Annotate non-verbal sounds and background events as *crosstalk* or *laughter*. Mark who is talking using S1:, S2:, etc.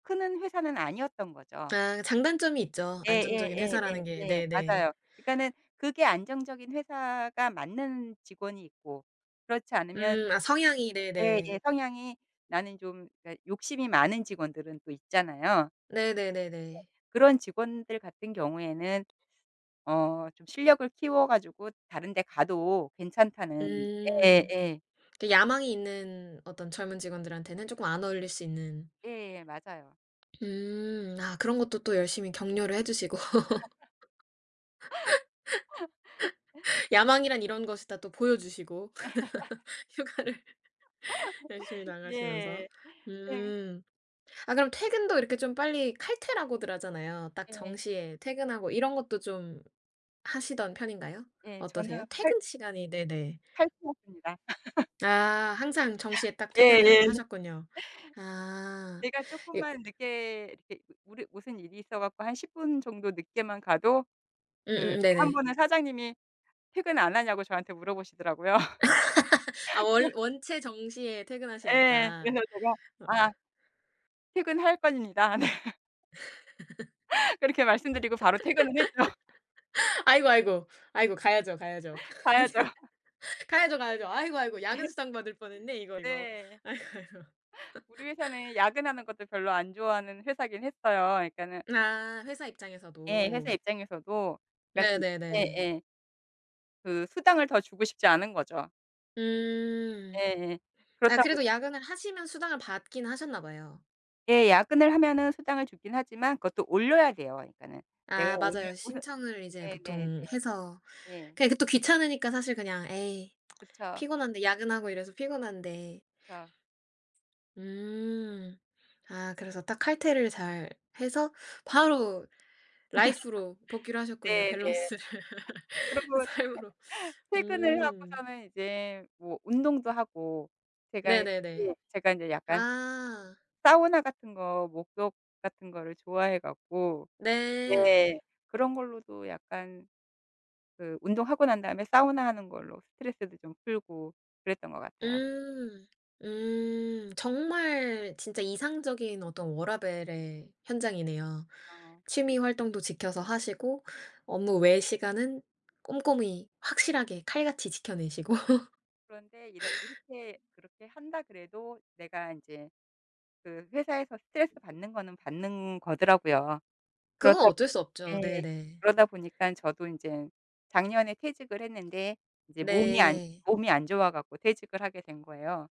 S1: 크는 회사는 아니었던 거죠.
S2: 아 장단점이 있죠 안정적인 회사라는 게.
S1: 예예예예예.
S2: 네네.
S1: 맞아요. 그니까는 그게 안정적인 회사가 맞는 직원이 있고 그렇지 않으면
S2: 음 아 성향이. 네네.
S1: 예예 성향이 나는 좀 그니까 욕심이 많은 직원들은 또 있잖아요. 예
S2: 네네네네.
S1: 그런 직원들 같은 경우에는 어 좀 실력을 키워 가지고 다른 데 가도 괜찮다는.
S2: 음
S1: 예예.
S2: 그 야망이 있는 어떤 젊은 직원들한테는 쪼끔 안 어울릴 수 있는.
S1: 예예 맞아요.
S2: 음 아 그런 것도 또 열심히 격려를 해 주시고
S1: *laughs* *laughs*
S2: *laughs* 야망이란 이런 것을 다 또 보여 주시고.
S1: *laughs*
S2: *laughs* 휴가를 열심히
S1: *laughs*
S2: 나가시면서.
S1: 예. 네.
S2: 음. 아 그럼 퇴근도 이렇게 좀 빨리 칼퇴라고들 하잖아요. 딱
S1: 예.
S2: 정시에 퇴근하고 이런 것도 좀 하시던 편인가요?
S1: 예.
S2: 어떠세요?
S1: 저는 활
S2: 퇴근 시간이 네네.
S1: 할 수 없습니다. *laughs*
S2: 아 항상 정시에 딱 퇴근을
S1: 예예.
S2: 하셨군요. 아
S1: 제가
S2: 이
S1: 쪼끔만 늦게 이렇게 무리 무슨 일이 있어 갖고 한 10 분 정도 늦게만 가도 그
S2: 음음음
S1: 때 1
S2: 네네.
S1: 번은 사장님이 퇴근 안 하냐고 저한테 물어 보시더라고요.
S2: *laughs* 아 원
S1: *laughs*
S2: 원체 정시에
S1: 예.
S2: 퇴근하시니까.
S1: 그래서
S2: 어.
S1: 제가 "아" "퇴근할 겁니다." 네. 그렇게 말씀드리고 바로 퇴근을 했죠.
S2: *laughs* 아이고, 아이고. 아이고 가야죠, 가야죠.
S1: 가야죠. *laughs*
S2: *laughs* 가야죠, 가야죠. 아이고, 아이고 야근
S1: *laughs*
S2: 수당 받을 뻔했네 이거, 이거.
S1: 네.
S2: 아이고, 아이고.
S1: 우리 회사는
S2: *laughs*
S1: 야근하는 것도 별로 안 좋아하는 회사이긴 했어요. 그러니까는
S2: 아 회사
S1: 예
S2: 입장에서도.
S1: 회사 입장에서도. 그러니까는
S2: 네네네.
S1: 예예. 그 수당을 더 주고 싶지 않은 거죠.
S2: 음.
S1: 예예.
S2: 아
S1: 그렇다고
S2: 그래도 야근을 하시면 수당을 받긴 하셨나 봐요.
S1: 예. 야근을 하면은 수당을 주긴 하지만 그것도 올려야 돼요 그러니까는. 내가
S2: 아
S1: 오늘,
S2: 맞아요.
S1: 오늘
S2: 신청을 이제
S1: 네네네.
S2: 보통 해서
S1: 네.
S2: 그냥 그것도 귀찮으니까 사실 그냥 '에이
S1: 그쵸.
S2: 피곤한데. 야근하고 이래서 피곤한데'
S1: 그쵸.
S2: 음. 아 그래서 딱 칼퇴를 잘
S1: 예.
S2: 해서 바로 라이프로 복귀를
S1: *laughs*
S2: 하셨군요
S1: 네네.
S2: 밸런스를. *laughs*
S1: 그러고
S2: 삶으로
S1: 퇴 *laughs* 퇴근을
S2: 음.
S1: 하고서는 이제 뭐 운동도 하고. 제가
S2: 네네네.
S1: *unintelligible* 제가 이제 약간
S2: 아.
S1: 사우나 같은 거, 목욕 같은 거를 좋아해 갖고
S2: 네.
S1: 네 그런 걸로도 약간 그 운동하고 난 다음에 사우나 하는 걸로 스트레스도 좀 풀고 그랬던 것 같아요.
S2: 음. 음. 정말 진짜 이상적인 어떤 워라밸의 현장이네요.
S1: 아.
S2: 취미 활동도 지켜서 하시고 업무 외의 시간은 꼼꼼히 확실하게 칼같이 지켜내시고.
S1: 그런데 이렇
S2: *laughs*
S1: 이렇게 그렇게 한다 그래도 내가 인제 그 회사에서 스트레스 받는 거는 받는 거더라고요.
S2: 그건
S1: 그렇다
S2: 어쩔 수 없죠.
S1: 예
S2: 네네.
S1: 그러다 보니까 저도 이제 작년에 퇴직을 했는데 이제 몸이 안
S2: 네.
S1: 몸이 안 좋아 갖고 퇴직을 하게 된 거예요.